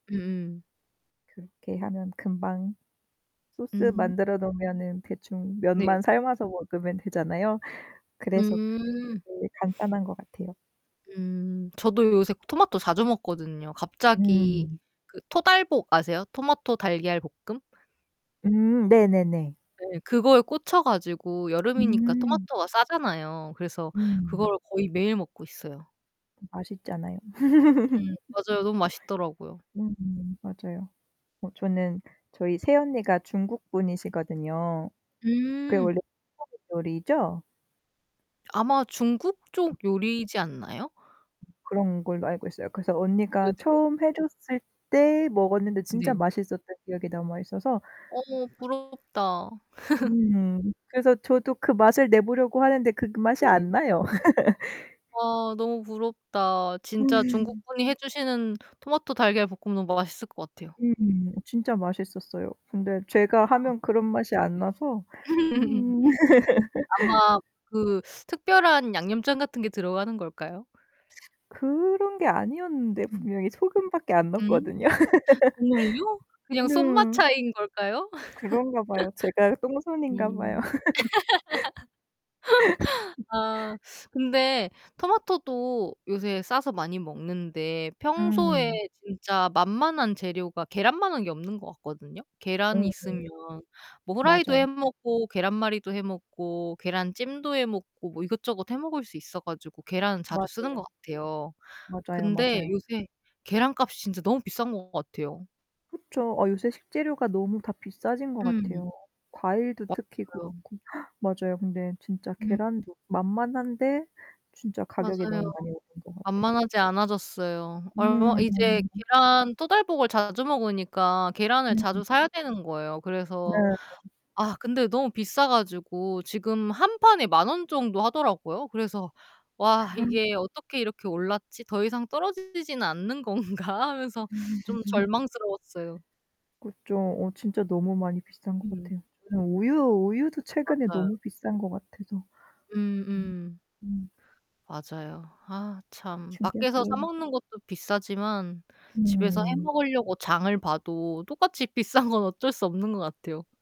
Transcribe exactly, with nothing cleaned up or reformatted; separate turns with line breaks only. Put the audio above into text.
음 음.
그렇게 하면 금방
음
소스
음.
만들어 놓으면은 대충
네.
면만 삶아서 먹으면 되잖아요. 그래서
음
제일 간단한 것 같아요.
음. 저도 요새 토마토 자주 먹거든요. 갑자기
음.
그 토달볶 아세요? 토마토 달걀 볶음?
음 네네네.
네. 그거에 꽂혀 가지고 여름이니까
음.
토마토가 싸잖아요. 그래서
음.
그거를 거의 매일 먹고 있어요.
맛있잖아요.
음 맞아요. 너무 맛있더라고요.
음 맞아요. 어 저는 저희 새언니가 중국분이시거든요. 그게
음.
원래 서북 요리죠?
아마 중국쪽 요리이지 않나요?
그런 걸로 알고 있어요. 그래서 언니가
네네.
처음 해 줬을 때 먹었는데 진짜
네.
맛있었던 기억이 남아 있어서
어 부럽다.
음. 그래서 저도 그 맛을 내보려고 하는데 그 그 맛이
네.
안 나요.
아 너무 부럽다. 진짜
[unintelligible]
중국분이 해 주시는 토마토 달걀 볶음 너무 맛있을 것 같아요.
음. 진짜 맛있었어요. 근데
아.
제가 하면 그런 맛이 안
네.
나서. 음.
아마 그 특별한 양념장 같은 게 들어가는 걸까요?
그런 게 아니었는데
음.
분명히 소금 밖에 안
음?
넣었거든요.
정말요? 그냥 손맛
음.
차이인 걸까요?
그런가 봐요. 제가 똥손인가 봐요.
음. 아 근데 토마토도 요새 싸서 많이 먹는데 평소에
음.
진짜 만만한 재료가 계란만 한 게 없는 것 같거든요.
어.
계란
네.
있으면 뭐 후라이도
맞아요.
해 먹고 계란말이도 해 먹고 계란찜도 해 먹고 뭐 이것저것 해 먹을 수 있어 가지고 계란 자주 쓰는
맞아요.
것 같아요.
맞아요,
근데
맞아요.
요새 계란 값이 진짜 너무 비싼 것 같아요.
그쵸. 어 요새 식재료가 너무 다 비싸진 것
음.
같아요. 과일도 특히
맞아요.
그렇고 맞아요. 근데 진짜
음.
계란도 만만한데 진짜 가격이
맞아요.
너무 많이 오른 것 같아.
만만하지 않아졌어요. 얼마
음.
이제 계란 토달볶을 자주 먹으니까 계란을 자주
[unintelligible]
사야 되는 거예요.
네.
그래서 아 근데 너무 비싸 가지고 지금 한 판에 만 원 정도 하더라고요. 그래서 '와 이게 어떻게 이렇게 올랐지? 더 이상 떨어지지는 않는 건가?' 하면서 좀
[unintelligible]
절망스러웠어요.
그죠. 어 진짜 너무 많이 비싼 것
네.
같아요. 저는 우유 우유도 최근에
맞아요.
너무 비싼 것 같아서.
음 음.
음 음.
맞아요. 아 참 밖에서 사
충격이에요
먹는 것도 비싸지만 집에서 해
음.
먹으려고 장을 봐도 똑같이 비싼 건 어쩔 수 없는 것 같아요.